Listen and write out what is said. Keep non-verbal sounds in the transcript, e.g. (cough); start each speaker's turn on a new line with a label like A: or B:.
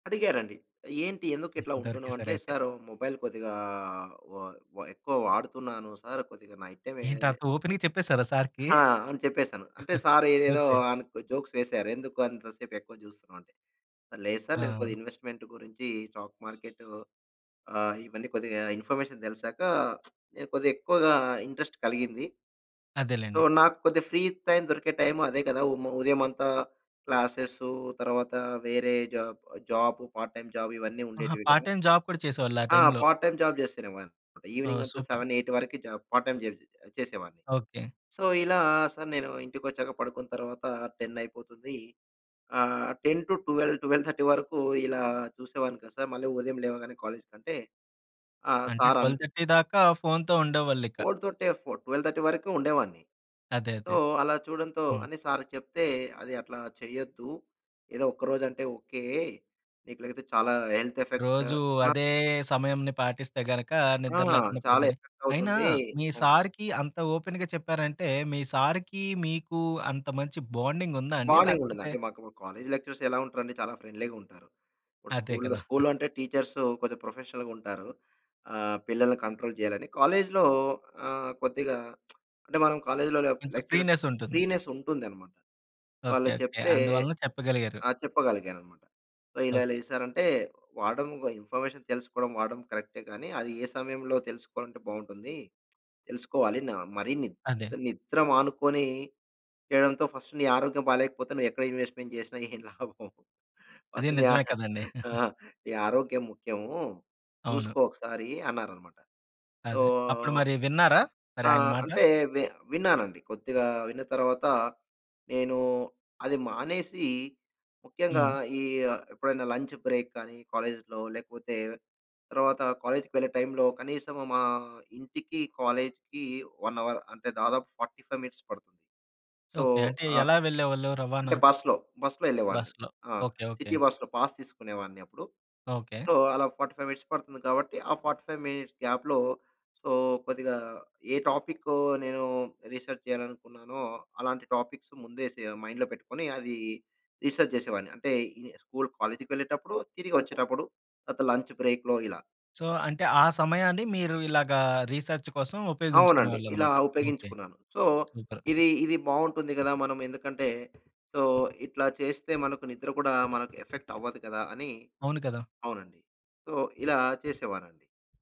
A: అడిగారండి. "ఏంటి ఎందుకు ఇట్లా ఉంటున్నావు?" అంటే
B: దొరికేసారయితే.
A: సారు మొబైల్ కొద్దిగా వ వ ఎక్కువ వాడుతున్నాను సారు కొద్దిగా నైట్ టైమేన్
B: ఏంటంత ఓపెన్‌గా చెప్పేసారా సారుకి?
A: ఆ! అని చెప్పేసాను అంటే
B: (giggles)
A: సారు ఏదేదో
B: ఓకే.
A: జోక్స్ వేసారు. "ఎందుకు అంత సేపు ఎక్కువ జూస్తున్నావు" అంటే లేదు సారు నేను
B: ఆ!
A: కొద్దిగా ఇన్వెస్ట్‌మెంట్ గురించి స్టాక్ మార్కెట్టు ఆహ్, ఇవన్నీ కొద్దిగా ఇన్ఫర్మేషన్ తెలిసాక, (smacks lips) కొద్దిగా ఎక్కువగా ఇంట్రెస్ట్ కలిగింది. సో,
B: అదేలెండి.
A: నాకు కొద్దిగా ఫ్రీ టైమ్ దొరికే టైము అదే కదా! ఉ ఉదయమంతా క్లాసేస్ తరువాత వేరే job job part time job ఇవన్నీ
B: ఆహా!
A: ఉండేటివి కదా!
B: పార్ట్ టైమ్ జాబ్ కూడా చేసేవాళ్ళు ఆ
A: ఆ
B: టైమ్‌లో?
A: పార్ట్ టైమ్ జాబ్ చేస్తునేవాడిని.
B: ఓహ్!
A: ఈవెనింగంతా
B: సూపర్.
A: 7, 8 వరికి జాబ్ పార్ట్ టైమ్ జాబ్ చేసేవాడిని.
B: ఓకే.
A: సో, ఇలా సారు నేను ఇంటికి వచ్చాక పడుకున్న తర్వాత 10 అయిపోతుంది. ఆహ్, 10-12, 12:30 వరకు ఇలా చూసేవాడిని కదా! సారు మళ్ళీ ఉదయం లేవగానే కాలేజికి. అంటే ఆహ్,
B: అంటే
A: సారు అన్
B: 12:30 దాకా ఫోనుతో ఉండేవాళ్ళిక.
A: (unintelligible) 12:30 వరకు ఉండేవాడిని.
B: అదే,
A: సో,
B: అదే.
A: అలా చూడటంతో
B: హ్మ్.
A: అని సారుకు చెప్తే, "అది అట్లా చెయ్యొద్దు. ఏదో ఒక్కరోజు అంటే ఓకే. నీకు లేతే చాలా హెల్త్ ఎఫెక్టు"
B: రోజు
A: నా
B: అదే సమయంని పాటిస్తే గనుక
A: ఆ!
B: నిద్ర లేకుండా,
A: చాలా
B: పొద్దున్న అయినా
A: ఎఫెక్టవుతుంది.
B: మీ
A: అవును.
B: సారుకి అంత ఓపెన్‌గా చెప్పారంటే, మీ సారుకి మీకు అంత మంచి బాండింగుందా అండి?
A: బాండింగుండదండి.
B: లేకపోతే
A: అంటే మాకు మా కాలేజి లెక్చరర్స్ ఎలా ఉంటారండి చాలా ఫ్రెండ్‌లీగా ఉంటారు.
B: అదే
A: స్కూలులో,
B: కదా!
A: స్కూలులో అంటే టీచర్స్ కొంచెం ప్రొఫెషనల్‌గుంటారు. ఆహ్, పిల్లల్ని కంట్రోల్ జేయాలని. కాలేజిలో ఆహ్, కొద్దిగా (smacks lips) అంటే మనం కాలేజిలో
B: కొంచెం
A: లెక్చరర్స్
B: ఫ్రీనెస్ ఉంటుంది.
A: ఫ్రీనెస్ ఉంటుందన్నమాట.
B: ఓకే,
A: వాళ్ళు
B: ఓకే.
A: చెప్తే
B: అందువలన చెప్పగలిగారు.
A: ఆ! చెప్పగలిగానన్నమాట. సో, ఇలా ఇలా
B: ఓకే.
A: ఇది సారు అంటే "వాడం, ఇన్‌ఫర్మేషన్ తెలుసుకోవడం, వాడం కరెక్టే కానీ అది ఏ సమయంలో తెలుసుకోవాలంటే బావుంటుంది. తెలుసుకోవాలి న మరి నిద్
B: అదే.
A: నిద్ర మానుకొని చేయడంతో ఫస్ట్ నీ ఆరోగ్యం బాగాలేకపోతే నువ్వు ఎక్కడ ఇన్వెస్ట్‌‌మెంట్ చేసినా ఏం లాభం?
B: అది
A: ఫస్ట్ నీ
B: నిజమే కదండి.
A: (giggles) ఆ!
B: (giggles)
A: ఆరోగ్యం ముఖ్యము,
B: అవును.
A: చూసుకో ఒకసారి" అన్నారన్నమాట. సో
B: అదే. అప్పుడు మరి విన్నారా? మరి ఆయన
A: ఆహ్,
B: మాట?
A: అంటే వి విన్నానండి. కొద్దిగా విన్న తర్వాత నేను అది మానేసి, ముఖ్యంగా
B: హ్మ్.
A: ఈ ఎప్పుడైనా లంచ్ బ్రేక్ కానీ, కాలేజిలో లేకపోతే తర్వాత కాలేజికి వెళ్ళే టైమ్‌లో కనీసం మా ఇంటికి, కాలేజికి 1 అవర్ అంటే దాదాపు 45 మినిట్స్ పడుతుంది. So,
B: okay. అంటే
A: ఆహ్,
B: ఎలా వెళ్ళేవాళ్ళు రవాణా?
A: అంటే బస్సులో బస్సులో వెళ్ళేవాడిని,
B: బస్సులో.
A: ఆ!
B: Okay, okay.
A: సిటీ బస్‌లో పాస్ తీసుకునేవాడిని అప్పుడు.
B: ఓకే.
A: సో, అలా 45 మినిట్స్ పడుతుంది కాబట్టి, ఆ 45 మినిట్స్ గ్యాప్‌లో. సో, కొద్దిగా ఏ టాపిక్కు నేను రీసెర్చ్ జేయాలనుకున్నానో అలాంటి టాపిక్స్ ముందే సె మైండ్‌లో పెట్టుకొని అది రీసెర్చ్ జేసేవాడిని. అంటే ఈ ని స్కూలు, కాలేజికి వెళ్ళేటప్పుడు తిరిగొచ్చేటప్పుడు తర్వాత లంచ్ బ్రేక్‌లో ఇలా.
B: సో, అంటే ఆ సమయాన్ని మీరు ఇలాగా రీసర్చ్ కోసం ఉపయోగించుకునే
A: అవునండి. ఇలా,
B: వాళ్ళన్నమాట. ఓకే.
A: ఉపయోగించుకున్నాను. So,
B: super.
A: ఇది ఇది బావుంటుంది కదా! మనం ఎందుకంటే, సో, ఇట్లా చేస్తే మనకు నిద్ర కూడా మనకు ఎఫెక్టవ్వదు కదా! అని
B: అవును కదా!
A: అవునండి. సో, ఇలా చేసేవాడినండి.